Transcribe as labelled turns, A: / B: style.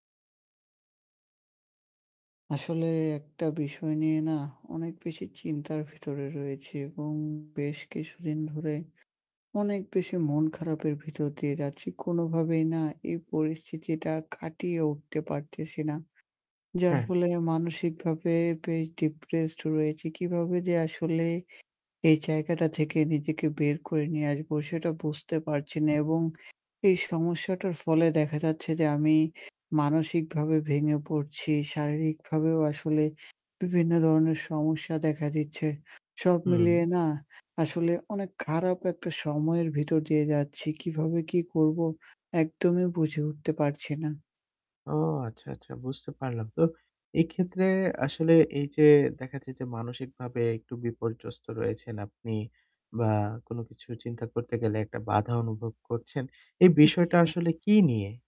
A: আসলে একটা বিষয় নিয়ে না অনেক বেশি চিন্তার ভেতরে রয়েছি এবং বেশ কিছুদিন ধরে অনেক বেশি মন খারাপের ভিতর দিয়ে যাচ্ছি। কোনোভাবেই না এই পরিস্থিতিটা কাটিয়ে উঠতে পারতেছি না। যার
B: হ্যাঁ।
A: ফলে মানসিকভাবে বেশ depressed রয়েছি। কিভাবে যে আসলে এই জায়গাটা থেকে নিজেকে বের করে নিয়ে আসবো সেটা বুঝতে পারছি না এবং এই সমস্যাটার ফলে দেখা যাচ্ছে যে আমি মানসিকভাবে ভেঙে পড়ছি। শারীরিকভাবেও আসলে বিভিন্ন ধরনের সমস্যা দেখা দিচ্ছে। সব
B: হুম।
A: মিলিয়ে না আসলে অনেক খারাপ একটা সময়ের ভিতর দিয়ে যাচ্ছি। কিভাবে কি করবো? একদমই বুঝে উঠতে পারছি না।
B: ও আচ্ছা, আচ্ছা বুঝতে পারলাম। তো এক্ষেত্রে আসলে এই যে দেখাচ্ছে যে মানসিকভাবে একটু বিপর্যস্ত রয়েছেন আপনি বা কোনো কিছু চিন্তা করতে গেলে একটা বাধা অনুভব করছেন। এই বিষয়টা
A: ওকে।
B: আসলে কী নিয়ে?